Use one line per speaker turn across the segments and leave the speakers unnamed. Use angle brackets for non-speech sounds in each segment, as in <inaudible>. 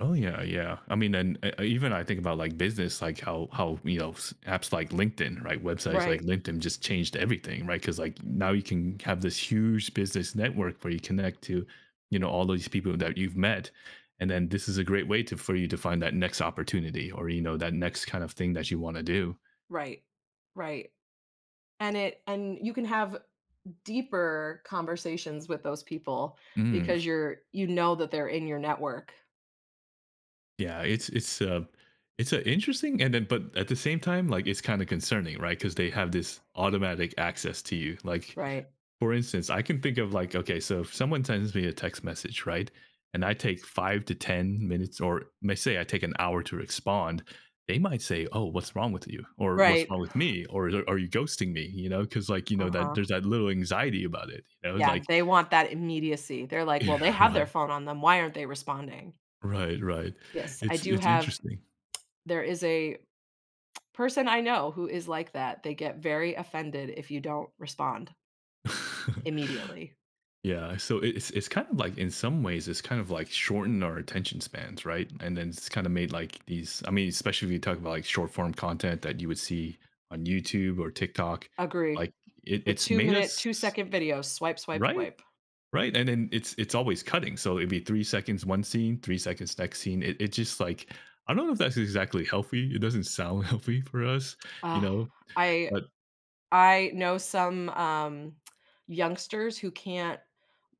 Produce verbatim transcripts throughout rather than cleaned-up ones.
Oh, yeah, yeah. I mean, and uh, even I think about, like, business, like how how, you know, s apps like LinkedIn, right? Websites like
Right.
LinkedIn just changed everything, right, 'cause, like, now you can have this huge business network where you connect to, you know, all these people that you've met, and then this is a great way to for you to find that next opportunity, or, you know, that next kind of thing that you wanna do.
Right. Right, and it and you can have deeper conversations with those people,
Mm.
because you're you know that they're in your network.
Yeah, it's it's, uh It's, uh, interesting, and then but at the same time, like, it's kinda concerning, right, 'cause they have this automatic access to you, like
Right.
for instance, I can think of, like Okay, so if someone sends me a text message, right, and I take five to ten minutes or, may say I take an hour to respond, they might say, "Oh, what's wrong with you?" or "What's
Right.
wrong with me?" or i or "A are you ghosting me?" you know, 'cause, like, you know, that
Uh-huh.
there's that little anxiety about it, you know,
Yeah,
like
they want that immediacy, they're, like, "Well, they
<chuckles>
have their
Right.
phone on them, why aren't they responding?"
Right, right.
Yes, I
It's
do
it's
have
interesting.
There is a <tsk> person I know who is like that. They get very offended if you don't respond
<chuckles>
immediately.
Yeah, so it it's it's kind of like in some ways, it's kind of like shortened our attention spans, right, and then it's kinda made, like, these I mean, especially if you talk about, like, short-form content that you would see on YouTube or TikTok,
Agree.
like, it
The
it's made
two-minute,
us s
two-second video, swipe, swipe,
Right?
swipe.
Right, and then it's it's always cutting, so it'd be three seconds one scene, three seconds next scene, it it just like I don't know if that's exactly healthy, it doesn't sound healthy for us, you
Ugh,
know,
I
but
I know some, um, <tsk> youngsters who can't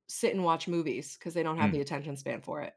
sit and watch movies, 'cause they don't have the
Mm.
attention span for it.